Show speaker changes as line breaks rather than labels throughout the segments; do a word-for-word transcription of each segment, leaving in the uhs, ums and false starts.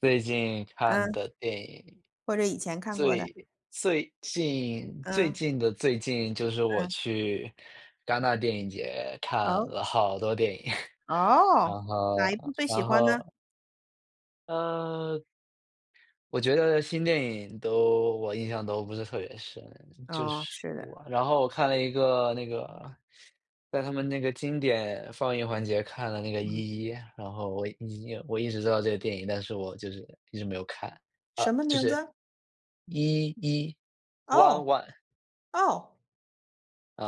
最近看
嗯。
的电影，
或者以前看过的。
最最近最
嗯。
近的最近，就是我
嗯。
去戛纳电影节看
哦？
了好多电影。然
哦，哪一部
后
最喜
然
欢呢？
后呃。我觉得，新电影都我印象都不是特别深。就
哦，
是
是的。
我然后我看了一个那个在他们那个经典放映环节，看了那个
嗯。
《一一》，然后我《一一》我一直知道这个电影，但是我就是一直没有看。啊，
什么
就
名
是，
字？
《一一》，One
哦
One。
哦。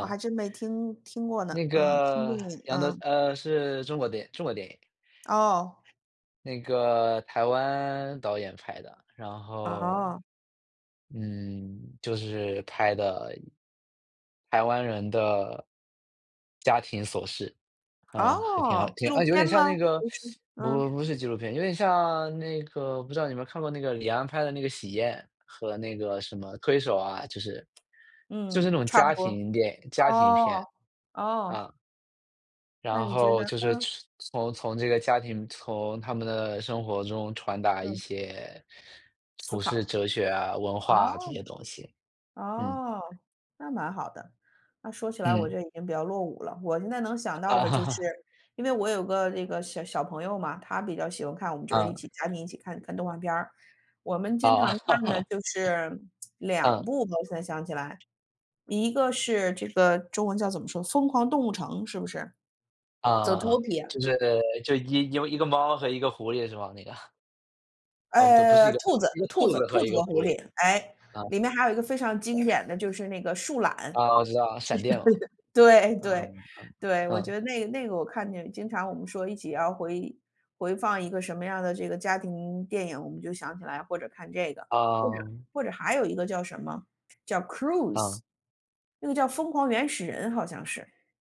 我还真没听听过呢，
那
嗯，新电
个，
影，
杨德
嗯。
呃，是中国电影中国电影。
哦。
那个台湾导演拍的。然后，
哦。
嗯，就是拍的台湾人的家庭琐事。啊，还挺好
哦，纪
挺
录
啊，有
片
点像
吗？
那个
不是，嗯。
不不是纪录片，有点像那个不知道你有没有看过那个李安拍的那个《喜宴》和那个什么《推手》啊，就是就是
嗯，
那种
差不
家
多。
庭电家庭片，
哦，哦。
啊。
那
然
你觉
后，
得
就是
嗯。
崇从从这个家庭从他们的生活中传达一
嗯。
些，
思
普世
考。
哲学啊、文
哦，
化啊，这些东西，嗯。
哦，那蛮好的。那说起来我
嗯。
就已经比较落伍了。我现在能想到的就是
啊。
因为我有个那个小小朋友嘛。他比较喜欢看，我们就是一
嗯。
起家庭一起看，看动画片儿。我们经
哦。
常看的 就是两
嗯。
部我现在想起来。一个是这个中文叫怎么说？《疯狂动物城》，是不是？
啊啊啊。
《Zootopia》。
就是就一因为一个猫和一个狐狸是吧？那个。哦，不，对，不是
呃，
一个
兔子
一个
兔
兔
子
子
兔
和一
子
个
和
狐
狐
狸，
狸。诶。
啊。
里面还有一个非常经典的就是那个树懒。
啊，我知道啊，闪电哦。
对对，
嗯，嗯，
对，我觉
嗯。
得那个那个我看见经常我们说一起要回回放一个什么样儿的这个家庭电影，我们就想起来，或者看这个，或者
嗯。
或者还有一个叫什么，叫《Croods》，
嗯。
那个叫《疯狂原始人》，好像是。